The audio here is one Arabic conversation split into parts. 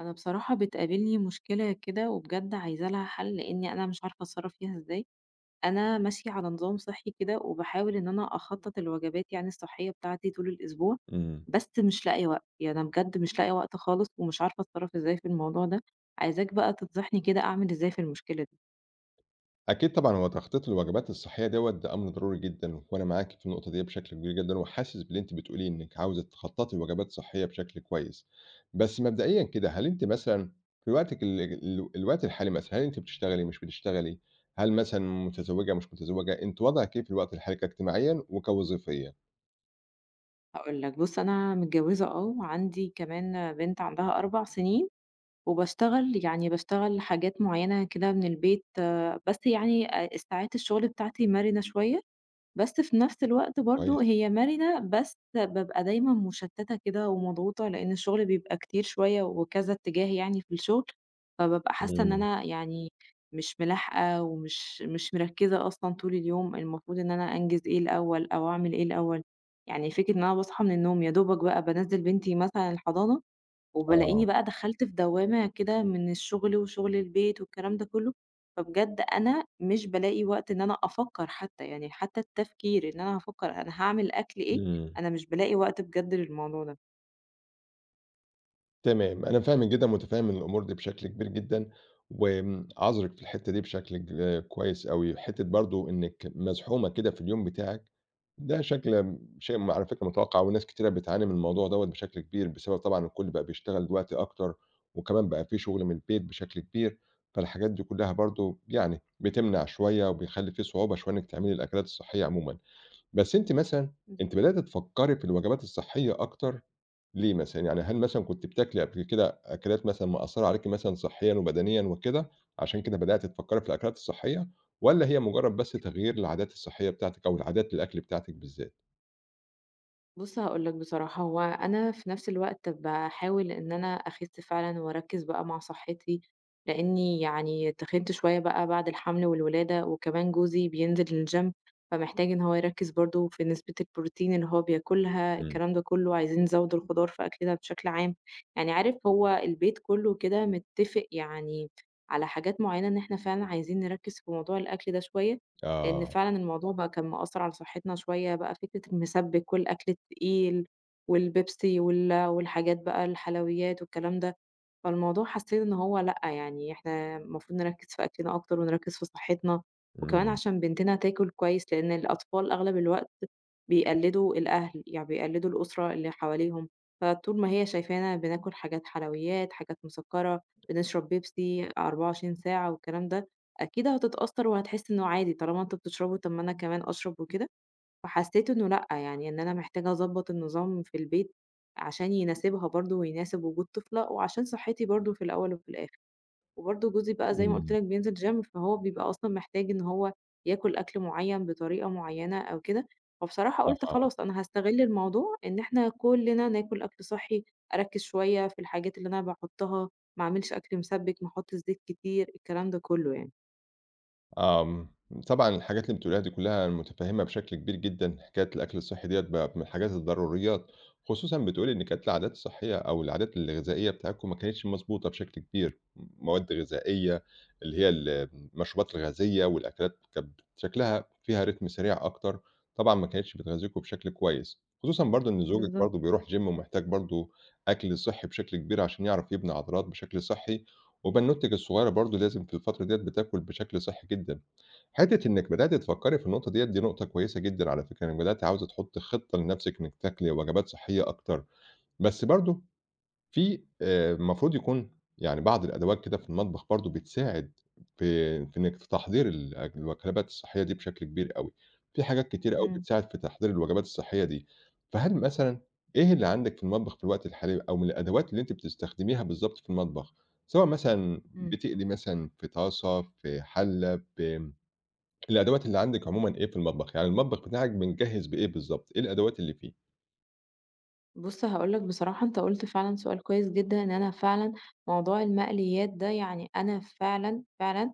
أنا بصراحة بتقابلني مشكلة كده وبجد عايزة لها حَل، لإنّي أنا مش عارفة أتصرَّف فيها إزاي. أنا ماشية على نظام صحّي كده وباحاول إن أنا أخطَّط الوجبات يعني الصحّية بتاعتي طول الأسبوع، إمم. بس مش لاقية وقت، يعني أنا بجد مش لاقية وقت خالص، ومش عارفة أتصرَّف إزاي في الموضوع ده، عايزاك بقى تنصحني كده أعمل إزاي في المشكلة. أكيد طبعًا هو تخطيط الوجبات الصحّية دوّة ده أمر ضروري جدًا وأنا معاكِ في النقطة ديّه بشكل كبير جدًا وحاسس باللي أنتِ بتقوليه إنِّك عاوزة تخطَّطي لوجبات صحّية بشكل كويس. بس مبدئيًا كده، هل أنتِ مثلًا في وقتِك ال ال الوقت الحالي مثلًا، هل أنتِ بتشتغلي، مش بتشتغلي؟ هل مثلًا متزوّجة، مش متزوّجة؟ أنتِ وضعِك إيه في الوقت الحالي كاجتماعيًا وكوظيفيًا؟ هاقول لك، بُصّ أنا متجوّزة آه، وعندي كمان بنت عندها 4 سِنين وباشتغل، يعني باشتغل حاجات معيّنة كده من البيت، بس يعني آآ الساعات الشُغل بتاعتي مَرِنة شوية، بس في نَفْس الوقت برضه كويس. هي مَرِنة، بس بابقى دايمًا مُشتَّتة كده ومضغوطة، لإن الشُغل بيبقى كتير شوية وكذا اتّجاه يعني في الشُغل، فبابقى حاسّة إن إمم. أنا يعني مش ملاحقة ومش مش مركّزة أصلًا طول اليوم المفروض إن أنا أنجِز إيه الأول أو أعمل إيه الأول. يعني فكرة إن أنا باصحى من النوم، يا دوبك بقى بانزِّل بنتي مثلًا الحضان آه. وبالاقيني بقى دخلْت في دوّامة كده من الشُغل وشُغل البيت والكلام ده كُلّه، فبجد أنا مش بالاقي وقت إن أنا أفكَّر حتّى، يعني حتّى التفكير إن أنا أفكَّر أنا هاعمل أكل إيه، إمم. أنا مش بألاقي وقت بجد للموضوع ده. تمام، أنا فاهمِك جدًا ومتفهّم الأمور دي بشكل كبير جدًا، وآمم عاذرِك في الحتّة دي بشكل ك كويس أوي، حتّة برضه إنِّك مزحومة كده في اليوم بتاعِك، ده شكل امم شيء م على فكرة متوقّع، وناس كتيرة بتعاني من الموضوع دوَّة بشكل كبير، بسبب طبعًا إن الكُلّ بقى بيشتغل دلوقتي أكتر، وكمان بقى في شغل من البيت بشكل كبير، فالحاجات دي كُلّها برضه يعني بتمنع شوية، وبيخلّي في صعوبة شوية إنِّك تعملي الأكلات الصحية عمومًا، بس أنتِ مثلًا، اهم. أنتِ بدأتِ تفكّري في الوجبات الصحية أكتر، ليه مثلًا؟ يعني هل مثلًا كنتِ بتاكلي قبل كده أكلات مثلًا مأثّرة عليكِ مثلًا صحّيًا وبدنيًا وكده، علشان كده بدأتِ تفكّري في الأكلات الصحية؟ والَّا هي مجرّد بس تغيير العادات الصحيّة بتاعتِك أو عادات الأكل بتاعتِك بالذات؟ بُصّ، هاقول لك، بصراحة هو أنا في نفس الوقت باحاول إن أنا أخِسّ فعلًا، وأركِّز بقى مع صحّتي، لإنّي يعني تخِنِت شوية بقى بعد الحمل والولادة، وكمان جوزي بينزل الgym فمحتاج إن هو يركِّز برضه في نسبة البروتين اللي هو بياكلها، إمم. الكلام ده كُلّه، عايزين نزوِّد الخضار في أكلنا بشكل عام، يعني عارف، هو البيت كُلّه كده متفق يعني على حاجات معيّنة إن إحنا فعلًا عايزين نركِّز في موضوع الأكل ده شوية، لإن آه. فعلًا الموضوع بقى كان مأثّر على صحتنا شوية، بقى فكرة المسبِّك والأكل التقيل والبيبسي وال والحاجات بقى الحلويات والكلام ده، فالموضوع حاسّين إن هو لأ، يعني إحنا مفروض نركِّز في أكلنا أكتر ونركِّز في صحّتنا، وكمان إمم. علشان بنتنا تاكل كويس، لإن الأطفال أغلب الوقت بيقلِّدوا الأهل، يعني بيقلِّدوا الأسرة اللي حواليهم، فطول ما هي شايفانا بناكل حاجات حلويات، حاجات مسكّرة، بنشرب بيبسي 24 ساعة والكلام ده، أكيد هتتأثّر وهتحس إنه عادي، طالما أنتم بتشربوا طَب ما أنا كمان أشرب وكده فحسّيت إنّه لأ، يعني إن أنا محتاجة أضبّط النظام في البيت، علشان يناسبها برضه ويناسب وجود طفلة، وعشان صحّتي برضه في الأول وفي الآخر، وبرضه جوزي بقى زي ما قُلت إمم. لك بينزل gym فهو بيبقى أصلًا محتاج إن هو ياكل أكل معيّن بطريقة معيّنة، أو كده فبصراحة قُلت آه. خلاص أنا هاستغِلّ الموضوع إن إحنا كُلّنا ناكل أكل صحّي، أركِّز شوية في الحاجات اللي أنا باحطّها، ما أعملش أكل مسبِّك، ما أحطش زيت كتير، الكلام ده كُلّه يعني. آمم، طبعًا الحاجات اللي بتقوليها دي كُلّها أنا متفهّمها بشكل كبير جدًا، حكاية الأكل الصحّي ديَّة بقت من الحاجات الضروريات، خصوصًا بتقولي إن كانت العادات الصحيّة أو العادات الغذائية بتاعتكم ما كانتش مضبوطة بشكل كبير، مواد غذائية اللي هي ال المشروبات الغازية، والأكلات كانت شكلها فيها Rhythm سريع أكتر، طبعًا ما كانتش بتغذّيكم بشكل كويس، خصوصًا برضه إن زوجِك بالضبط. برضه بيروح gym ومحتاج برضه أكل صحّي بشكل كبير، علشان يعرف يبني عضلات بشكل صحّي، وبنّوتتِك الصغيرة برضه لازم في الفترة ديَّة بتاكل بشكل صحّي جدًا، حتّة إنِّك بدأتِ تفكّري في النقطة ديَّة دي نقطة كويسة جدًا على فكرة، إنِّك بدأتِ عاوزة تحطّي خطّة لنفسِك إنِّك تاكلي وجبات صحيّة أكتر، بس برضه في آآ، المفروض يكون يعني بعض الأدوات كده في المطبخ برضه، بتساعد في في إنِّك في تحضير ال الأك الوجبات الصحيّة دي بشكل كبير أوي، في حاجات كتير أوي إمم. بتساعد في تحضير الوجبات الصحيّة دي، فهل مثلًا إيه اللي عندِك في المطبخ في الوقت الحالي، أو من الأدوات اللي أنتِ بتستخدميها بالضبط في المطبخ؟ سواء مثلًا إمم. بتقلي مثلًا في طاسة، في حلَّة، ب الأدوات اللي عندِك عمومًا إيه في المطبخ؟ يعني المطبخ بتاعِك متجهّز بإيه بالضبط؟ إيه الأدوات اللي فيه؟ بُص هأقول لَك بصراحة، أنت قُلت فعلًا سؤال كويس جدًا، إن أنا فعلًا موضوع المقليات ده، يعني أنا فعلًا، فعلًا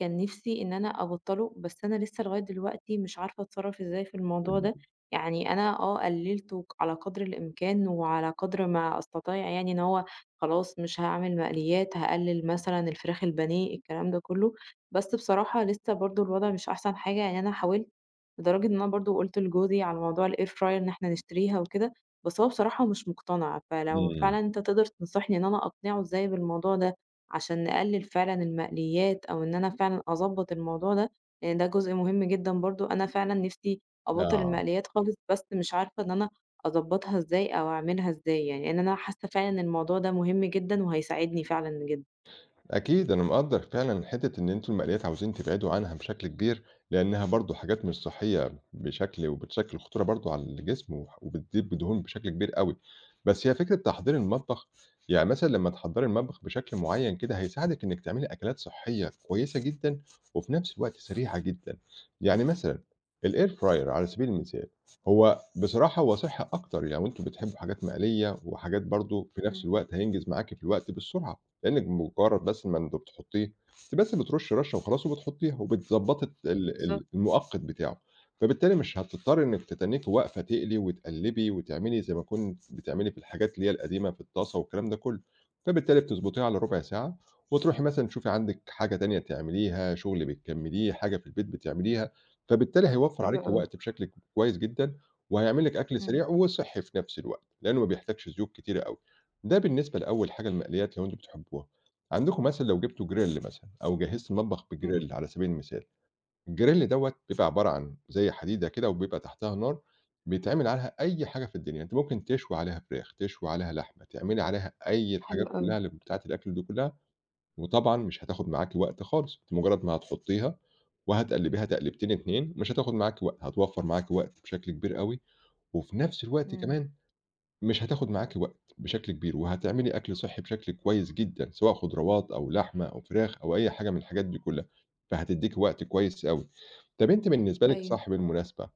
كان نفسي إن أنا أبطله، بس أنا لسّة لغاية دلوقتي مش عارفة أتصرف إزاي في الموضوع ده. [unintelligible] يعني أنا آه، قللته على قدر الإمكان وعلى قدر ما أستطيع، يعني إن هو خلاص مش هاعمل مقليات، هأقلل مثلًا الفراخ البانية، الكلام ده كُلّه. بس بصراحة لسة برضه الوضع مش أحسن حاجة، يعني أنا حاولت، لدرجة إن أنا برضه قُلت لجوزي على موضوع الair fryer إن إحنا نشتريها وكده، بس هو بصراحة مش مقتنع فلو إمم. فعلًا أنت تقدر تنصحني إن أنا أقنعه إزاي بالموضوع ده، علشان نقلل فعلًا المقليات، أو إن أنا فعلًا أضبّط الموضوع ده، لأن ده جزء مهم جدًا برضه، أنا فعلًا نفسي أبطّل آه. المقليات خالص، بس مش عارفة إن أنا أضبطها إزاي أو أعملها إزاي يعني، لأن أنا حاسّة فعلًا إن الموضوع ده مهم جدًا وهيساعدني فعلًا جدًا. أكيد، أنا مقدّر فعلًا حتّة إن أنتم المقليات عاوزين تبعدوا عنها بشكل كبير، لإنها برضه حاجات مش صحيّة بشكل وبتشكِّل خطورة برضه على الجسم، وبتضيف دهون بشكل كبير أوي. بس هي فكرة تحضير المطبخ يعني مثلًا لمّا تحضّري المطبخ بشكل معيّن كده، هيساعدِك إنِّك تعملي أكلات صحيّة كويسة جدًا، وفي نفس الوقت سريعة جدًا. يعني مثلًا الAir fryer على سبيل المثال، هو بصراحة، هو صحّي أكتر. يعني لو أنتم بتحبّوا حاجات مقلية وحاجات برضه في نفس إمم. الوقت هينجز معاكِ في الوقت بالسرعة. لأنِّك بمجرد بس لمّا أنتِ بتحطيه، أنتِ بس بترشّي رشّة وخلاص وبتحطيها، وبتضبّطي ال بالضبط. ال المؤقّت بتاعه فبالتالي مش هتضطرّي إنِّك تتنيكِ واقفة تقلي وتقلبي وتعملي زي ما كنتِ بتعملي في الحاجات اللي هي القديمة في الطاسة والكلام ده كُلّه، فبالتالي بتضبطيه على ربع ساعة، وتروحي مثلًا تشوفي عندِك حاجة تانية تعمليها، شغل بتكمليه، حاجة في البيت بتعمليها فبالتالي هيوفّر حلو عليكِ أوي. وقت بشكل ك كويس جدًا، وهيعمل لِك أكل إمم. سريع وصحي في نفس الوقت، لأنّه ما بيحتاجش زيوت كتيرة أوي. ده بالنسبة لأول حاجة المقليات لو أنتم بتحبوها. عندكم مثلًا لو جبتوا grill مثلًا، أو جهزتِ المطبخ إمم. بgrill على سبيل المثال. الgrill دوّة بيبقى عبارة عن زي حديدة كده وبيبقى تحتيها نار، بيتعمل عليها أي حاجة في الدنيا أنتِ ممكن تشوي عليها فراخ، تشوي عليها لحمة، تعملي عليها أي حلو الحاجات أوي. كُلها اللي بتاعة الأكل دي كُلها وطبعًا مش هتاخد معاكِ وقت خالص، أنتِ بمجرد ما هتحطيها، وهتقلبيها تقليبتين اتنين مش هتاخد معاكِ وقت، هتوفّر معاكِ وقت بشكل كبير أوي وفي نفس الوقت إمم. كمان، مش هتاخد معاكِ وقت بشكل كبير، وهتعملي أكل صحّي بشكل كويس جدًا، سواء خضروات أو لحمة أو فراخ أو أي حاجة من الحاجات دي كلها. فهتديكِ وقت كويس أوي. طَب أنتِ بالنسبة لِك أيوه. صح المناسبة،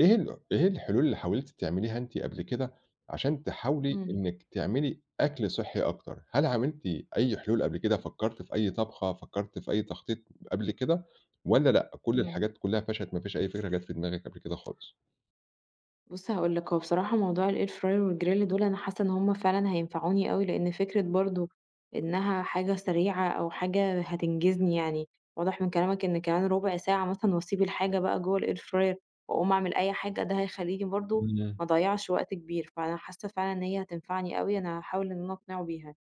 إيه ال إيه الحلول اللي حاولتِ تعمليها أنتِ قبل كده علشان تحاولي إمم. إنِّك تعملي أكل صحّي أكتر؟ هل عملتِ أي حلول قبل كده؟ فكرتِ في أي طبخة؟ فكرتِ في أي تخطيط قبل كده؟ والّا لأ، كل إمم. الحاجات كلها فشلت، ما فيش أي فكرة جات في دماغِك قبل كده خالص؟ بُصّ، هاقول لك هو بصراحة موضوع الair fryer والgrill دول أنا حاسّة إن هُم فعلًا هينفعوني أوي، لأن فكرة برضه إنها حاجة سريعة، أو حاجة هتنجزني يعني، واضح من كلامك إن كمان رُبع ساعة مثلًا وأسيب الحاجة بقى جوّه الair fryer وأقوم أعمل أي حاجة، ده هيخليني برضه إمم. ما أضيّعش وقت كبير فأنا حاسّة فعلًا إن هي هتنفعني أوي، أنا هاحاول إن أنا أقنعه بيها،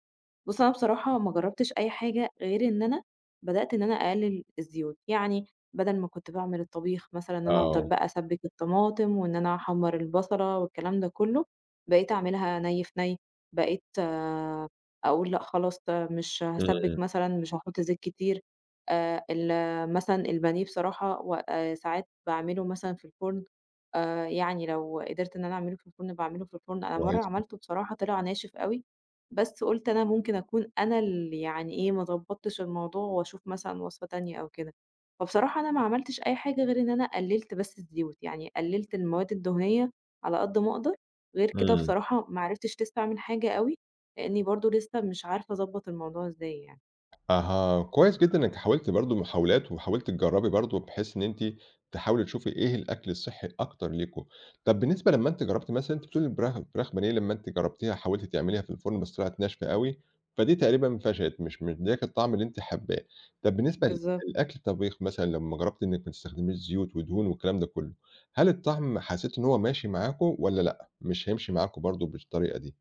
بُصّ، أنا بصراحة ما جرّبتش أي حاجة غير إن أنا بدأت إن أنا أقلِّل الزيوت، يعني بَدَل ما كنت باعمل الطبيخ مثلًا إن أنا أفضل آه. بقى أسبِّك الطماطم، وإن أنا أحمّر البَصَلة، والكلام ده كُلّه، بقيت أعملها نَيّ في نَيّ بقيت أقول لأ خلاص، آآ، مش هاسبِّك إمم. مثلًا، مش هاحط زيت كتير آآ، ال مثلًا البانيه بصراحة، و آآ، ساعات باعمله مثلًا في الفرن آآ، يعني لو قدِرت إن أنا أعمله في الفرن باعمله في الفرن، أنا كويس مرّة جدًا. عملته بصراحة طلع ناشف أوي، بس قُلت أنا ممكن أكون أنا الـ– يعني إيه ما ضبّطتش الموضوع وأشوف مثلًا وصفة تانية أو كده، فبصراحة أنا ما عملتش أي حاجة غير إن أنا قلِّلت بس الزيوت، يعني قلِّلت المواد الدهنية على قد ما أقدر، غير كده إمم. بصراحة ما عرفتِش لسه أعمل حاجة أوي، لأنّي برضه لسّه مش عارفة أضبَّط الموضوع إزاي يعني. أها، كويس جدًا إن أنتِ حاولتِ برضه محاولات، وحاولتِ تجربي برضه بحيث إن أنتِ تحاولي تشوفي إيه الأكل الصحي الأكتر ليكم، طَب بالنسبة لمّا أنتِ جربتِ مثلًا، أنتِ بتقولي الفراخ فراخ بانيه، لمّا أنتِ جرّبتيها وحاولتِ تعمليها في الفرن بس طلعت ناشفة أوي، فدي تقريبًا فشلِت، مش مدياكِ الطعم اللي أنتِ حابّاه، طَب بالنسبة ل بالضبط. الأكل الطّبيخ مثلًا، لمّا جرّبتِ إنِك ما تستخدميش زيوت ودهون والكلام ده كُلّه، هل الطعم حسّيتِ إن هو ماشي معاكم والّا لأ، مش هيمشي معاكم برضو بالطريقة دي؟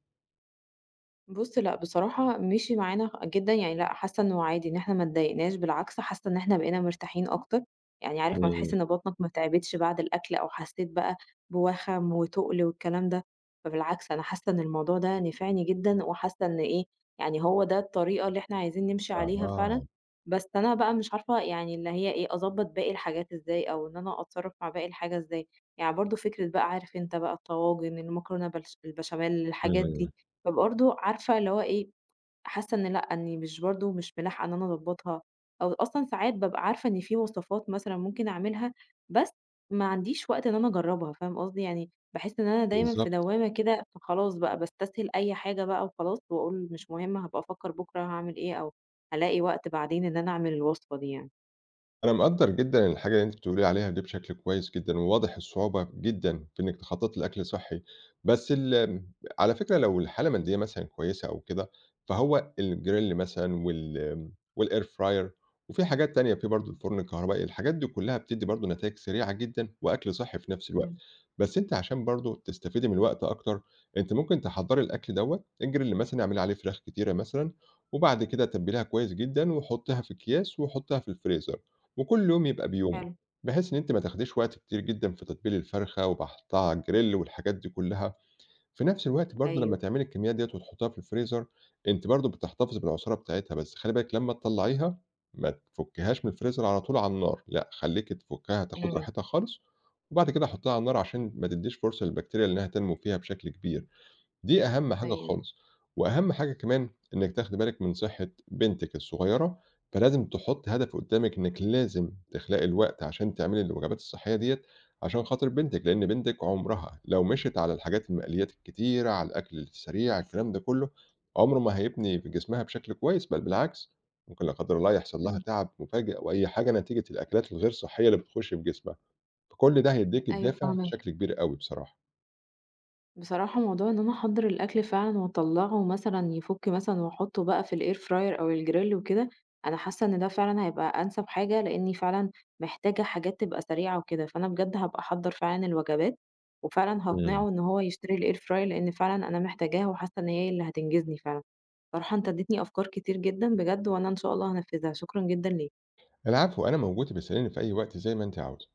بُص لأ، بصراحة مشي معانا جدًا، يعني لأ، حاسّة إنّه عادي إن إحنا ما اتضايقناش، بالعكس حاسّة إن إحنا بقينا مرتاحين أكتر، يعني عارف ما إمم. تحِس إن بطنك ما تعبتش بعد الأكل أو حسّيت بقى بوَخَم وتُقل والكلام ده، فبالعكس أنا حَاسّة إن الموضوع ده نفعني جدًا وحاسّة إن إيه، يعني هو ده الطريقة اللي إحنا عايزين نمشي عليها فعلًا، أها. بس أنا بقى مش عارفة يعني اللي هي إيه أضبط باقي الحاجات إزاي أو إن أنا أتصرّف مع باقي الحاجة إزاي، يعني برضه فكرة بقى عارف أنت بقى الطواجن، المكرونة بالـ– بالبشاميل، الحاجات إمم. دي، فبرضه عارفة اللي هو إيه، حاسّة إن لأ، إنّي مش برضه مش ملاحقة إن أنا أضبطها، أو أصلًا ساعات بابقى عارفة إن في وصفات مثلًا ممكن أعملها، بس ما عنديش وقت إن أنا أجربها، فاهم قصدي، يعني باحِسّ إن أنا دايمًا في بالضبط. دوامة كده، فخلاص بقى باستسهِل أي حاجة بقى وخلاص، وأقول مش مُهم هابقى أفكّر بُكرة هاعمل إيه، أو هالاقي وقت بعدين إن أنا أعمل الوصفة دي يعني. أنا مقدّر جدًا الحاجة اللي أنتِ بتقولي لي عليها دي بشكل كويس جدًا، وواضح الصعوبة جدًا في إنِّك تخططي لأكْل صحّي بس ال على فكرة لو الحالة المادية مثلًا كويسة أو كده، فهو الgrill مثلًا وال والair fryer وفي حاجات تانية، في برضو الفرن الكهربائي، الحاجات دي كلّها بتدّي برضو نتايج سريعة جدًا، وأكْل صحّي في نَفس الوقت، إمم. بس أنتِ علشان برضو تستفيدي من الوقت أكتر، أنتِ ممكن تحضّري الأكْل دوّة، الgrill مثلًا اعملي عليه فراخ كتيرة مثلًا، وبعد كده تبّليها كويس جدًا وحطّيها في اكِياس وحطيها في الفريزر. وكُلّ يوم يبقى بيومه، حلو. بحيث إن أنتِ ما تاخديش وقت كتير جدًا في تتبيل الفرخة وباحطها على الgrill والحاجات دي كلّها، في نَفس الوقت برضو لمّا أيوه. تعملي الكميات ديّة وتحطيها في الفريزر، أنتِ برضو بتحتفظي بالعصارة بتاعتها، بس خلّي بالِك لما تطلّعيها، ما تفكّيهاش من الفريزر على طول على النار، لأ، خلّيكي تفكّها تاخد إمم. راحتها خالص، وبعد كده حطّيها على النار علشان ما تديش فرصة للبكتيريا إنها تنمو فيها بشكل كبير، دي أهم حاجة أيوه. خالص. وأهم حاجة كمان إنِّك تاخدي بالِك من صحة بنتِك الصغيّرة، فلازم تحطّي هدف قدامِك إنِّك لازم تخلقي الوقت علشان تعملي الوجبات الصحّية ديّة عشان خاطر بنتِك، لإن بنتِك عمرها لو مشيت على الحاجات المقليات الكتيرة، على الأكْل السريع، الكلام ده كلّه، عمره ما هيبني في جسمها بشكل كويس، بل بالعكس، ممكن لا قدر الله يحصل لها إمم. تعب مفاجئ أو أي حاجة نتيجة الأكلات الغير صحّية اللي بتخش في جسمها، فكُلّ ده هيديكِ أيوه الدافع فاهماك. بشكل كبير أوي بصراحة. بصراحة موضوع إن أنا أحضّر الأكْل فعلًا وأطلّعه مثلًا يفُك مثلًا وأحطّه بقى في الair fryer أو الgrill وكده، أنا حاسّة إن ده فعلًا هيبقى أنسب حاجة لأنيّ فعلًا محتاجة حاجات تبقى سريعة وكده، فأنا بجد هابقى أحضّر فعلًا الوجبات، وفعلًا إمم. هاقنعه إن هو يشتري الair fryer لإن فعلًا أنا محتاجاها وحاسّة إن هي اللي هتنجزني فعلًا، بصراحة أنت أديتني أفكار كتير جدًا بجد، وأنا إن شاء الله هانفذها، شكرًا جدًا ليك. العفو، أنا موجود، ابقي اسأليني في أي وقت زي ما أنتِ عاوزة.